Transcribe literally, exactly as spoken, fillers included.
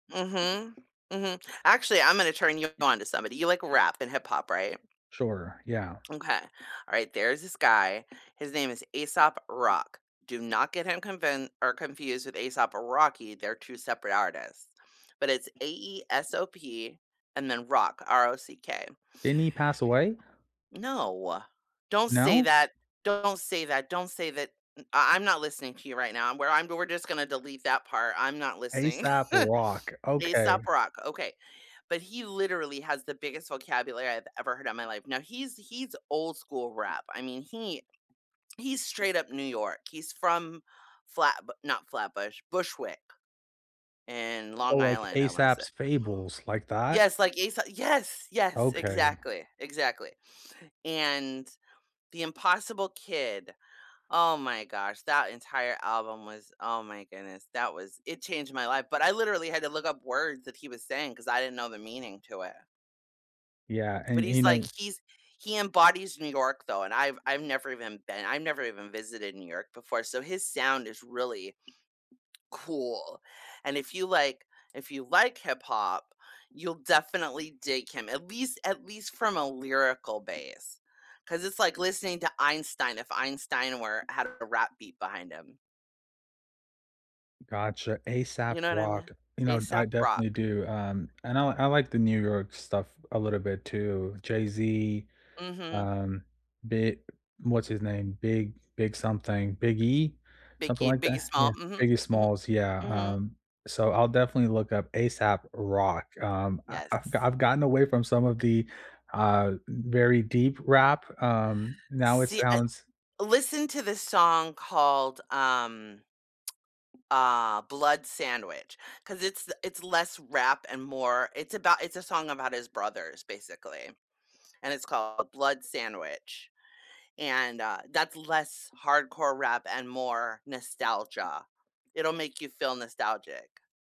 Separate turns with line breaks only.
Mhm, mhm. Actually, Imma na turn you on to somebody. You like rap and hip hop, right?
Sure. Yeah.
M'kay. Alright, there's this guy, his name is Aesop Rock. Do not get him convin or confused with A$AP Rocky, they're two separate artists. But it's A-E-S-O-P and then rock, R-O-C-K.
Didn't he pass away?
No, don't say
No?
that. Don't say that don't say that m I I'm not listening to you right now, I'm where I'm we're just gonna delete that part, I'm not listening.
Aesop Rock, okay.
Aesop Rock, okay. But he literally has the biggest vocabulary I've ever heard in my life. Now he's he's old-school rap. I mean, he he's straight up New York. He's from Flatbu not Flatbush, Bushwick, in Long
Oh, like
Island, I wanna say
Aesop's fables, like that?
Yes, like, Aeso yes, yes,
Okay.
exactly, exactly, and The Impossible Kid. Oh my gosh, that entire album was, oh my goodness, that was it changed my life, but I literally had to look up words that he was saying, 'cause I didn't know the meaning to it.
Yeah,
But
and, y
he's
you
like,
know
he's he embodies New York though, and I've I've never even been I'm never even visited New York before. So, his sound is really cool, and if you like if you like hip hop, you'll definitely dig him, at least at least from a lyrical base. 'Cause it's like listening to Einstein, if Einstein were had a rap beat behind him.
Gotcha, a-sap
You know what I me
walk. You know, d I
Aesop
definitely
Rock.
do, um, and I l like the New York stuff a little bit too, Jay-Z,
Mhm.
um, Bi what's his name? Big, Big something, Biggie? Something
Biggie,
like
Biggie
that, yeah
Smalls, mhm,
Biggie
mhm.
Smalls, yeah,
Mhm.
um, so I'll definitely look up A$AP Rock, um, I I've
Yes.
I've gotten away from some of the, uh, very deep rap, um, now it
See, I
sounds
listen to this song called, um, uh, Blood Sandwich, 'cause it's the it's less rap and more it's about it's a song about his brothers basically, and it's called Blood Sandwich, and, uh, that's less hardcore rap and more nostalgia. It'll make you feel nostalgic.